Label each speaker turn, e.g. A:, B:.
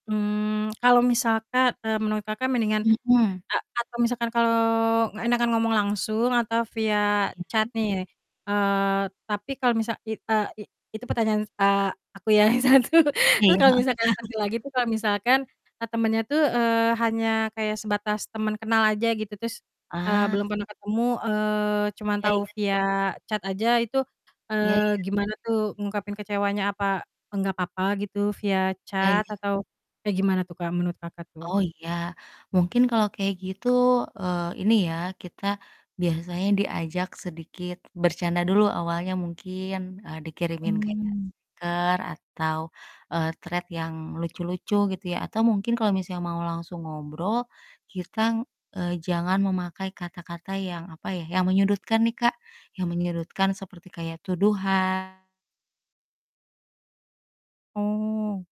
A: Mmm, kalau misalkan, eee, menurut Kakak mendingan
B: Mhm.
A: a atau misalkan kalau nggak enakan ngomong langsung, atau via
B: Iya.
A: chat nih, eee, tapi kalau misal i e i itu pertanyaan a aku yang satu.
B: Iya,
A: Terus
B: heeh.
A: kalau misalkan satu lagi tuh, kalau misalkan, eee, temannya tuh, eee, hanya kayak sebatas teman kenal aja gitu terus, eee,
B: Ah.
A: belum pernah ketemu, eee, cuma
B: Iya
A: tahu
B: iya.
A: via chat aja itu,
B: Iya
A: eee,
B: iya.
A: gimana tuh ngungkapin kecewanya? Apa enggak papa gitu via
B: Iya
A: chat
B: iya.
A: atau kayak gimana tuh Kak, menurut Kakak tuh?
B: Oh iya, mungkin kalau kayak gitu, eee, ini ya, kita biasanya diajak sedikit bercanda dulu awalnya mungkin, eee, dikirimin kayak
A: Hmm.
B: stiker, atau, eee, Threads yang lucu-lucu gitu ya, atau mungkin kalau misalnya mau langsung ngobrol, kitang, eee, jangan memakai kata-kata yang, apa ya, yang menyudutkan nih, Kak, yang menyudutkan seperti kayak tuduhan.
A: Oh.